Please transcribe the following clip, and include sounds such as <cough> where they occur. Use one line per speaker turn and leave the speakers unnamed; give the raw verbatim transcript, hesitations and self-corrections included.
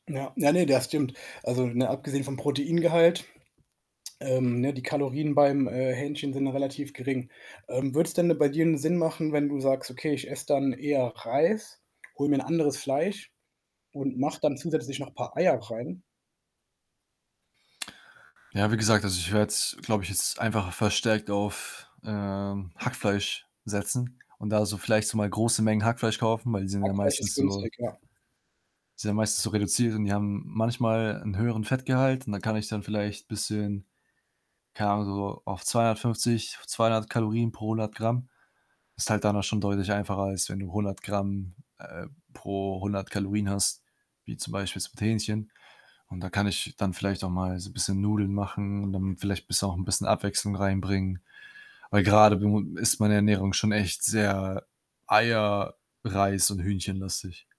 Ja, ja, ne, das stimmt. Also, ne, abgesehen vom Proteingehalt, ähm, ne, die Kalorien beim, äh, Hähnchen sind relativ gering. Ähm, würde es denn bei dir 'nen Sinn machen, wenn du sagst: „Okay, ich esse dann eher Reis, hole mir 'n anderes Fleisch und mache dann zusätzlich noch paar Eier rein?“
Ja, wie gesagt, also, ich werde es glaube ich, jetzt einfach verstärkt auf, äh, Hackfleisch setzen und da so vielleicht so mal große Mengen Hackfleisch kaufen, weil die sind ja
Hackfleisch ist
meistens so
günstig, ja.
sind ja meistens so reduziert und die haben manchmal 'n höheren Fettgehalt und da kann ich dann vielleicht, bisschen, keine Ahnung, so auf zweihundertfünfzig, zweihundert Kalorien pro hundert Gramm. Ist halt dann auch schon deutlich einfacher, als wenn du hundert Gramm, äh, pro hundert Kalorien hast, wie zum Beispiel mit jetzt Hähnchen. Und da kann ich dann vielleicht auch mal so bisschen Nudeln machen und dann vielleicht bisschen, auch 'n bisschen Abwechslung reinbringen. Weil grade bu ist meine Ernährung schon echt sehr Eier,
<unintelligible>
Reis und Hühnchenlastig.